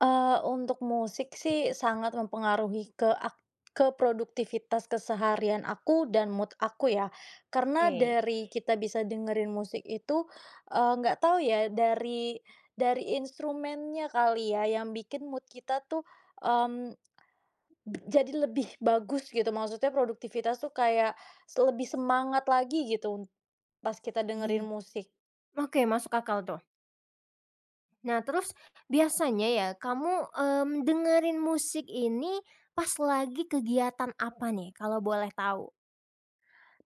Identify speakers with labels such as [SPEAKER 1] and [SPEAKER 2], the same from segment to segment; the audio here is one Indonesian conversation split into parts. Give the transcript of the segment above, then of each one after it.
[SPEAKER 1] Eee, untuk musik sih sangat mempengaruhi ke ak ke produktivitas keseharian aku dan mood aku ya. Karena
[SPEAKER 2] Kei.
[SPEAKER 1] dari kita bisa dengerin musik itu, eee nggak tahu ya, dari dari instrumennya kali ya, yang bikin mood kita tuh, mmm, bet jadi lebih bagus gitu, maksudnya produktivitas tuh kayak se lebih semangat lagi gitu, pas kita
[SPEAKER 2] Iya.
[SPEAKER 1] dengerin musik.
[SPEAKER 2] Oke, masuk akal tuh. Nah, terus biasanya ya kamu, mmm, dengerin musik ini pas lagi kegiatan apa nih, kalau boleh tahu?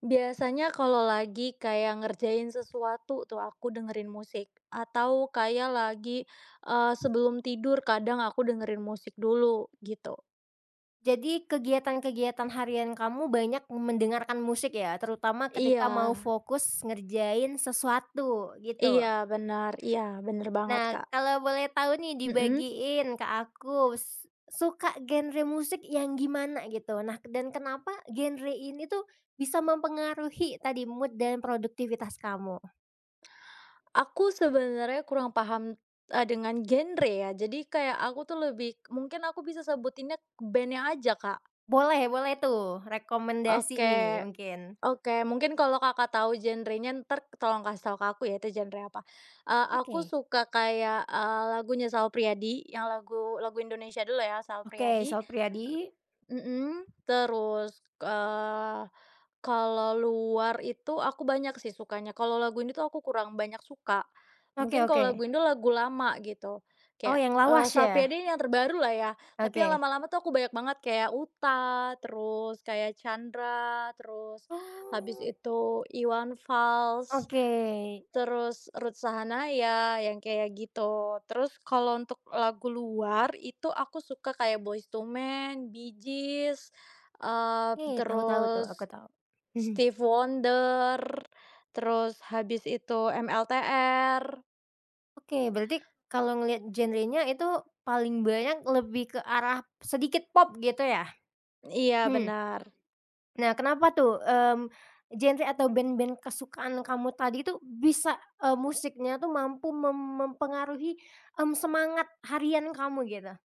[SPEAKER 1] Biasanya kalau lagi kayak ngerjain sesuatu tuh, aku dengerin musik. Atau kayak lagi eee, sebelum tidur kadang aku dengerin musik dulu, gitu.
[SPEAKER 2] Jadi, kegiatan-kegiatan harian kamu banyak mendengarkan musik ya, terutama ketika mau
[SPEAKER 1] Iya.
[SPEAKER 2] fokus ngerjain sesuatu, gitu.
[SPEAKER 1] Iya, benar. Iya, bener banget,
[SPEAKER 2] Nah,
[SPEAKER 1] Kak.
[SPEAKER 2] kalau boleh tahu nih
[SPEAKER 1] Heeh.
[SPEAKER 2] dibagiin ke akus, suka genre musik yang gimana gitu, nah dan kenapa genre ini tuh bisa mempengaruhi tadi mood dan produktivitas kamu?
[SPEAKER 1] Aku sebenarnya kurang paham e dengan genre ya. Jadi, kayak aku tuh lebih mungkin aku bisa sebutinnya band-nya aja, Kak.
[SPEAKER 2] Boleh boleh tuh. Rekomendasi nih,
[SPEAKER 1] Oke.
[SPEAKER 2] mungkin.
[SPEAKER 1] Oke, mungkin kalau Kakak tahu genre-nya, entar tolong kasih tahu ke aku ya, itu genre apa. E aku
[SPEAKER 2] Oke.
[SPEAKER 1] suka kayak, eee, lagunya Sal Priadi, yang lagu lagu Indonesia dulu ya, Sal
[SPEAKER 2] Oke,
[SPEAKER 1] Priadi.
[SPEAKER 2] Sal Priadi.
[SPEAKER 1] Mhm. Terus, eee, kalau luar itu aku banyak sih sukanya. Kalau lagu ini tuh aku kurang banyak suka.
[SPEAKER 2] Oke
[SPEAKER 1] Mungkin kalau
[SPEAKER 2] oke.
[SPEAKER 1] lagu Indo, lagu lama gitu.
[SPEAKER 2] Oh,
[SPEAKER 1] Kayak,
[SPEAKER 2] yang
[SPEAKER 1] e
[SPEAKER 2] lawas
[SPEAKER 1] Sal
[SPEAKER 2] ya?
[SPEAKER 1] Priadi ini yang terbaru lah ya. Tapi
[SPEAKER 2] Oke.
[SPEAKER 1] lama-lama tuh aku banyak banget kayak Utha, terus kayak Chandra, terus habis
[SPEAKER 2] Oh.
[SPEAKER 1] itu Iwan Fals.
[SPEAKER 2] Oke.
[SPEAKER 1] Terus Ruth Sahanaya, yang kayak gitu. Terus kalau untuk lagu luar, itu aku suka kayak Boyz II Man, Bee Gees, eee,
[SPEAKER 2] E tahu tahu tuh.
[SPEAKER 1] terus
[SPEAKER 2] Aku tahu. Mhm.
[SPEAKER 1] Stevie Wonder, terus habis itu MLTR.
[SPEAKER 2] Oke, berarti kalau ngelihat genre-nya itu, paling banyak lebih ke arah sedikit pop gitu ya?
[SPEAKER 1] Iya,
[SPEAKER 2] Hmm.
[SPEAKER 1] benar.
[SPEAKER 2] Nah, kenapa tuh? Mmm, genre atau band-band kesukaan kamu tadi tuh bisa e musiknya tuh mampu mem mempengaruhi m semangat harian kamu gitu?